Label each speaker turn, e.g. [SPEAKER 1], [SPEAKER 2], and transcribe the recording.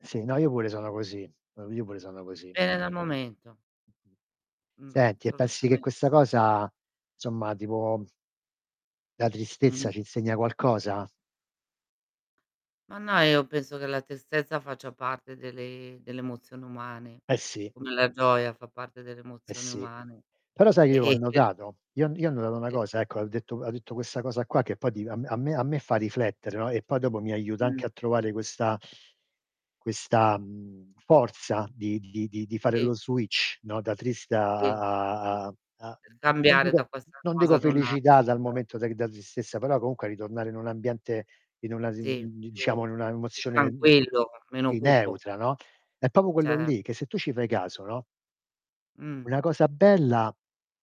[SPEAKER 1] Sì, no io pure sono così. O io pure sono così.
[SPEAKER 2] Pende dal momento. Mh.
[SPEAKER 1] Senti e pensi che
[SPEAKER 2] Assolutamente.
[SPEAKER 1] questa cosa somma, tipo la
[SPEAKER 2] Mh.
[SPEAKER 1] tristezza ci insegna qualcosa?
[SPEAKER 2] Ma no, io penso che la tristezza faccia parte delle delle emozioni umane,
[SPEAKER 1] Eh sì.
[SPEAKER 2] come la gioia fa parte delle
[SPEAKER 1] Eh
[SPEAKER 2] emozioni
[SPEAKER 1] sì.
[SPEAKER 2] umane.
[SPEAKER 1] Però sai
[SPEAKER 2] E
[SPEAKER 1] io che ho
[SPEAKER 2] e che
[SPEAKER 1] notato? Io ho n io ho notato 'na
[SPEAKER 2] E
[SPEAKER 1] cosa ecco, al detto ha detto questa cosa qua che poi di a m a me a me fa riflettere, no, e poi dopo mi aiuta anche
[SPEAKER 2] Mh.
[SPEAKER 1] a trovare questa questa, mhmm, forza di di di di fare
[SPEAKER 2] Sì.
[SPEAKER 1] lo switch, no da triste a
[SPEAKER 2] Sì, sì, sì.
[SPEAKER 1] a a a a
[SPEAKER 2] Per
[SPEAKER 1] non
[SPEAKER 2] cambiare da
[SPEAKER 1] dico
[SPEAKER 2] questa
[SPEAKER 1] non
[SPEAKER 2] cosa
[SPEAKER 1] dico
[SPEAKER 2] ad un' altra,
[SPEAKER 1] felicità dal
[SPEAKER 2] certo.
[SPEAKER 1] momento de c da tristezza, però comunque a ritornare in un ambiente in una z
[SPEAKER 2] Sì,
[SPEAKER 1] mhmm di
[SPEAKER 2] più
[SPEAKER 1] diciamo in
[SPEAKER 2] più
[SPEAKER 1] una
[SPEAKER 2] più
[SPEAKER 1] emozione, mhmm
[SPEAKER 2] tranquillo, meno
[SPEAKER 1] si,
[SPEAKER 2] cupo.
[SPEAKER 1] neutra, no, è proprio quello
[SPEAKER 2] Cer
[SPEAKER 1] lì che se tu ci fai caso, no
[SPEAKER 2] Mh.
[SPEAKER 1] una cosa bella